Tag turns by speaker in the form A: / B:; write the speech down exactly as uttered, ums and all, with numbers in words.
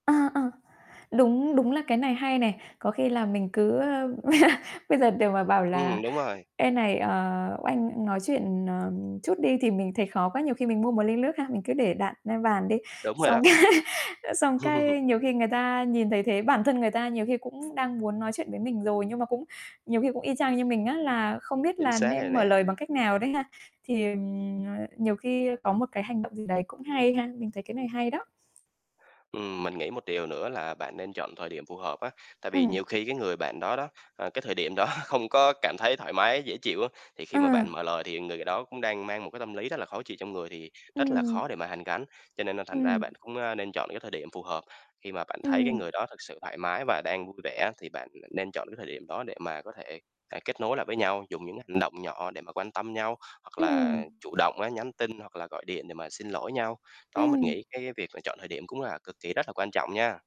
A: À, à. Đúng đúng là cái này hay nè, có khi là mình cứ, ơ bây giờ để mà bảo là
B: Ừm, đúng rồi.
A: "Ê này, ờ, anh nói chuyện, ờ, chút đi." thì mình thấy khó quá, nhiều khi mình mua một ly lước ha, mình cứ để đặng lên bàn đi.
B: Đúng rồi
A: Xong
B: đó.
A: xong cái, ơ, xong cái nhiều khi người ta nhìn thấy thế, bản thân người ta nhiều khi cũng đang muốn nói chuyện với mình rồi, nhưng mà cũng nhiều khi cũng y chang như mình á là không biết
B: Chính
A: là
B: xác rồi
A: nên mở
B: nè.
A: lời bằng cách nào đấy ha. Thì, ừ, ờ, nhiều khi có một cái hành động gì đấy cũng hay ha. Mình thấy cái này hay đó.
B: Ừm, mình nghĩ một điều nữa là bạn nên chọn thời điểm phù hợp á. Tại vì
A: Ừm.
B: nhiều khi cái người bạn đó đó, ờ, cái thời điểm đó không có cảm thấy thoải mái, dễ chịu á, thì khi mà bạn
A: Ừm.
B: mở lời thì người đó cũng đang mang một cái tâm lý rất là khó chịu trong người thì rất là khó
A: Ừm.
B: để mà hàn gắn. Cho nên là thành ra
A: Ừm.
B: bạn cũng, ơ, nên chọn cái thời điểm phù hợp. Khi mà bạn thấy cái
A: Ừm.
B: người đó thực sự thoải mái và đang vui vẻ, thì bạn nên chọn cái thời điểm đó để mà có thể, à, kết nối lại với nhau, dùng những hành động nhỏ để mà quan tâm nhau, hoặc
A: Ừm.
B: là chủ động á nhắn tin hoặc là gọi điện để mà xin lỗi nhau. Đó, mình
A: Ừm.
B: nghĩ cái việc mà chọn thời điểm cũng là cực kỳ rất là quan trọng nha.